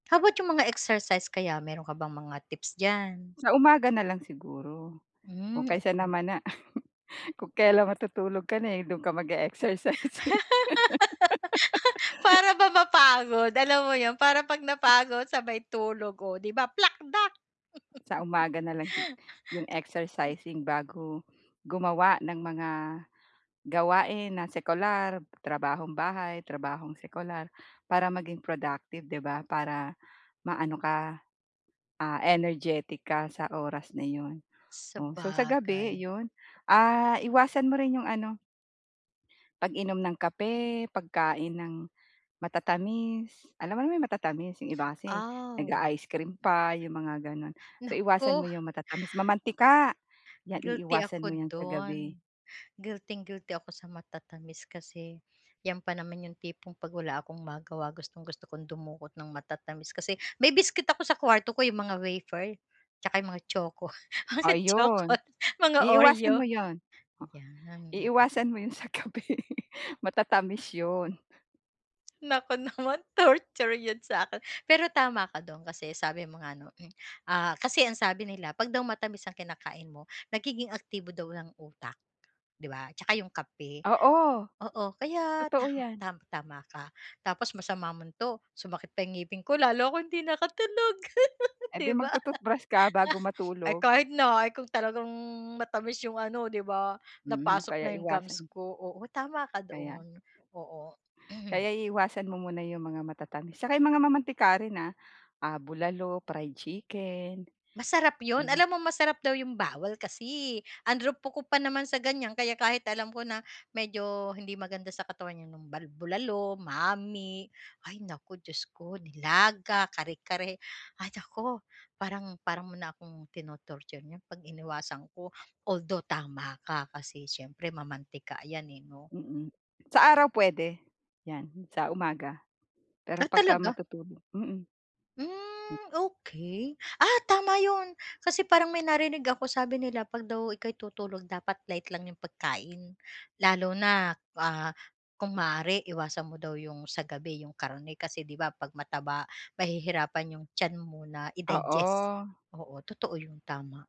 How about yung mga exercise kaya, meron ka bang mga tips diyan? Sa umaga na lang siguro o Hmm, kaysa okey. naman na kung kelan matutulog ka na, eh, do'n ka mag-e-exercise. Para ba mapagod, alam mo yun? Para pag Hmm. napagod sabay tulog, o 'di ba plak dak! Sa umaga na lang sig yung exercising bago gumawa ng mga gawain na sekular, trabahong bahay, trabahong sekular, para maging productive, di ba? Para maano ka, ah, energetic ka sa oras na yun. O so, sa gabi Sabagay. yun, ah, iwasan mo rin yung ano pag-inom ng kape, pagkain ng matatamis. Alam mo naman 'yong matatamis, 'yong iba kasi Aw. nag-a-ice cream pa 'yong mga gano'n. So iwasan mo Naku. 'yong matatamis, mamantika 'yan Guilty iiwasan ako mo 'yan sa gabi. dun. Guilting guilty ako sa matatamis, kasi yan pa naman yung tipong pag wala akong magawa gustong-gusto kong dumukot ng matatamis. Kasi may biskwit ako sa kwarto ko, yung mga wafer, tsaka yung mga choco, O choco, yun, mga Oreo. iiwasan mo yun. O, Ayan, mhm. iiwasan mo yun sa gabi. Matatamis yun. Naku naman torture yun sa'kin. Pero tama ka dun kasi sabi mo nga 'no, hmm, ah, kasi ang sabi nila pag daw matamis ang kinakain mo, nagiging aktibo daw ang utak, di ba, tsaka yung kape. Oo, Oo, kaya ta totoo yan. ta tama ka. Tapos masama mon 'to sumakit pa yung ngipin ko, lalo akong hindi nakatulog, Eh 'di di ba? mag-to-toothbrush ka bago Ay matulog. kahit na ay kung talagang matamis yung ano, 'di ba, Hmm, napasok kaya na yung gums iwasan. ko. Oo tama ka Kaya. doon, oo. Kaya iiwasan mo muna yung mga matatamis, saka yung mga mamantika rin, ah. Ah, bulalo, fried chicken. Masarap 'yon. Hmm. Alam mo masarap daw yung bawal kasi, eh. Ang rupok ko pa naman sa ganyan, kaya kahit alam ko na medyo hindi maganda sa katawan yan yung bal bulalo, mami ay naku Diyos ko. Nilaga, kare-kare, ay naku parang parang mo na akong tino-torture niyan pag iniwasan ko. Although tama ka kasi syempre mamantika yan, eh, 'no? Mm. Sa araw puwede, yan sa umaga. Pero Ah pagka talaga? matutulog mm. Hmm. Hmm okey. Ah, tama yun, kasi parang may narinig ako sabi nila pag daw ika'y tutulog dapat light lang 'yong pagkain. Lalo na, ah, kung maaari iwasan mo daw 'yong sa gabi 'yong karne kasi, 'di ba, 'pag mataba mahihirapan 'yong tiyan mo na i-digest. Oo. Oo, totoo 'yon tama.